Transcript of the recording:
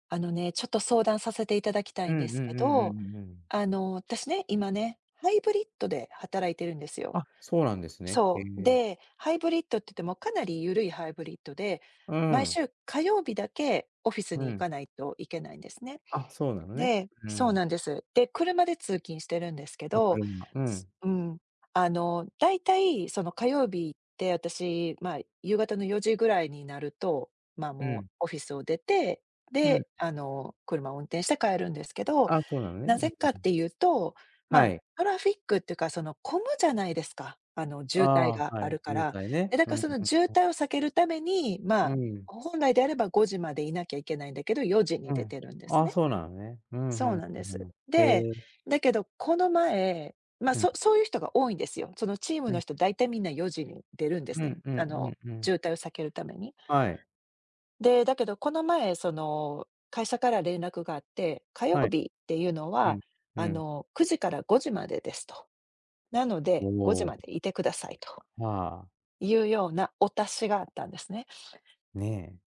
あのね、ちょっと相談させていただきたういんんでうすけんうんうんど、うんうん。あの、私ね、今ね、ハイブリッドで働いてるんですよ。あ、そうなんですね。へそう、え。で、ハイブリッドって言ってもかなりゆるいハイブリッドで、う毎ん。週火曜日だけオフィスうに行ん。かないといけないんですね。あ、そうなのね。でうそうん。なんです。で、車で通勤してるんですけあ、ど、車。うすん。うん、あのだいたい、その、火曜日って私、ま、夕方の4時ぐらいになると、ま、うもうん。オフィスを出て、うん。で、あの車を運転して帰るんですけど、ああ、そうなのね、うなんうぜんかっうん。ていうと、はま、い。トラフィックっていうかその混むじゃないですか。あの、あ渋滞あ、がはあるい、か渋ら。滞ね。で、だうかんらうんその渋うん。滞を避けるために、ま、うん。本来であれば5時までいなきゃいけないんだけど4時にう出ん。てるんであすあ、ね。そうなのね。うんうそうんなんでうんす。うん。へで、え。だけどこの前、ま、うん。そそういう人が多いんですよ。そのチームうのん。人だいたいみんな4時に出るんでうすね。んうんあのうんうん。渋滞を避けるために。はい。で、だけどこの前その会社から連絡があって、火曜はい。日っていうのうは、ん、うあん。の9時から5時までですと。なので5時おお。までいてくださいとああ。いうようなお達しがあったんですね。ね。